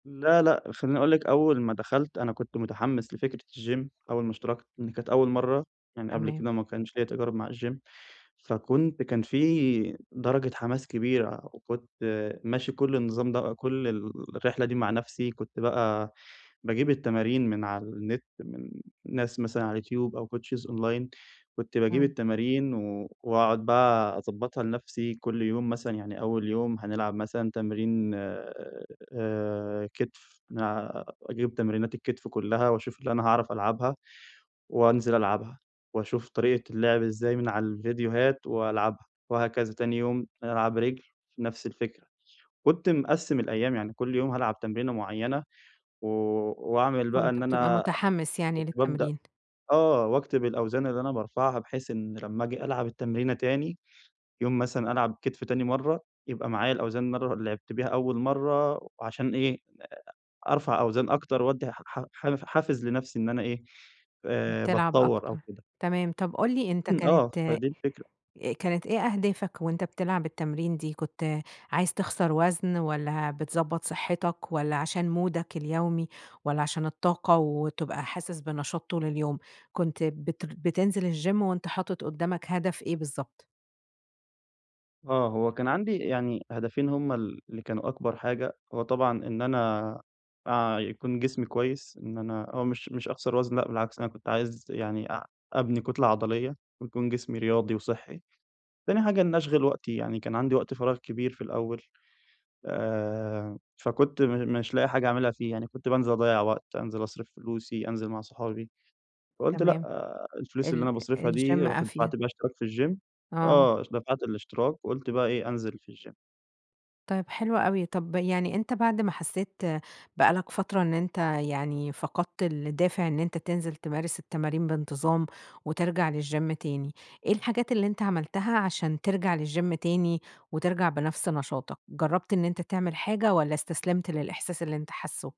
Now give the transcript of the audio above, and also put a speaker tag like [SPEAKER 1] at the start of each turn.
[SPEAKER 1] لأ لأ خلّيني أقول لِك، أول ما دخلت أنا كنت متحمس لفكرة الجيم، أول ما اشتركت لإن كانت أول مرّة يعني قبل
[SPEAKER 2] تمام.
[SPEAKER 1] كده ما كانش ليَّ تجارُب مع الجيم، فكنت كان في درجة حماس كبيرة، وكنت ماشي كل النظام ده كل الرحلة دي مع نفسي، كنت بقى باجيب التمارين من على النت من ناس مثلًا على اليوتيوب أو coaches أونلاين، كنت باجيب
[SPEAKER 2] إمم.
[SPEAKER 1] التمارين و وأقعُد بقى أضبّطها لنفسي، كل يوم مثلًا يعني أول يوم هنلعب مثلًا تمرين آآ كتف، نلع أجيب تمرينات الكتف كلها واشوف اللي أنا هاعرف ألعبها وانزل ألعبها، واشوف طريقة اللعب ازاي من على الفيديوهات وألعبها، وهكذا تاني يوم ألعب رِجل نفس الفكرة. كنت مقسّم الأيام يعني كل يوم هالعب تمرينة معينة و واعمل بقى
[SPEAKER 2] كنت
[SPEAKER 1] إن
[SPEAKER 2] بتبقى
[SPEAKER 1] أنا
[SPEAKER 2] متحمس يعني
[SPEAKER 1] كنت بابدأ
[SPEAKER 2] للتمرين.
[SPEAKER 1] آه، وأكتب الأوزان اللي أنا بارفعها، بحيث إن لما اجي ألعب التمرينة تاني، يوم مثلًا ألعب كتف تاني مرّة، يبقى معايا الأوزان مرّة لعبت بيها أول مرّة، علشان إيه، أ أرفع أوزان أكتر، وادي ح ح حافز لنفسي إن أنا إيه آآ،
[SPEAKER 2] بتلعب
[SPEAKER 1] باتطوّر
[SPEAKER 2] أكتر،
[SPEAKER 1] أو كده.
[SPEAKER 2] تمام، طب قُل لي أنت
[SPEAKER 1] إمم.
[SPEAKER 2] كانت
[SPEAKER 1] آه
[SPEAKER 2] أ
[SPEAKER 1] فدي الفكرة.
[SPEAKER 2] كانت إيه أهدافك وأنت بتلعب التمرين دي؟ كنت عايز تِخسر وزن والّا بتضبّط صحتك والّا علشان مودَك اليومي، والّا علشان الطاقة وتبقى حاسس بنشاط طول اليوم، كنت بتر بتنزل الجيم وأنت حاطِط قدامك هدف إيه بالضبط؟
[SPEAKER 1] آه، هو كان عندي يعني هدفين هُم ال اللي كانوا أكبر حاجة، هو طبعًا إن أنا أع يكون جسمي كويس، إن أنا هو مش مش أخسر وزن، لأ بالعكس أنا كنت عايز يعني أع أبني كُتلة عضلية ويكون جسمي رياضي وصحّي، تاني حاجة إن اشغل وقتي يعني، كان عندي وقت فراغ كبير في الأول آآ، فكنت م مش لاقي حاجة اعاملها فيه يعني، كنت بانزل أضيّع وقت، أنزل أصرف فلوسي، أنزل مع صحابي، فقلت لأ
[SPEAKER 2] تمام.
[SPEAKER 1] الفلوس اللي
[SPEAKER 2] ال
[SPEAKER 1] أنا باصرفها دي
[SPEAKER 2] الجيم
[SPEAKER 1] رُحت
[SPEAKER 2] أفيد.
[SPEAKER 1] دفعت بيها اشتراك في الجيم.
[SPEAKER 2] آه.
[SPEAKER 1] آه دفعت الاشتراك وقُلت بقى إيه أنزل في الجيم.
[SPEAKER 2] طيب حلو أوي، طب يعني أنت بعد ما حسيت بقى لك فترة إن أنت يعني فقَدت الدافع إن أنت تنزل تمارس التمارين بانتظام وترجع للجيم تاني، إيه الحاجات اللي أنت عملتها علشان ترجع للجيم تاني، وترجع بنفس نشاطك؟ جرّبت إن أنت تعمل حاجة والّا استسلمت للإحساس اللي أنت حاسُه؟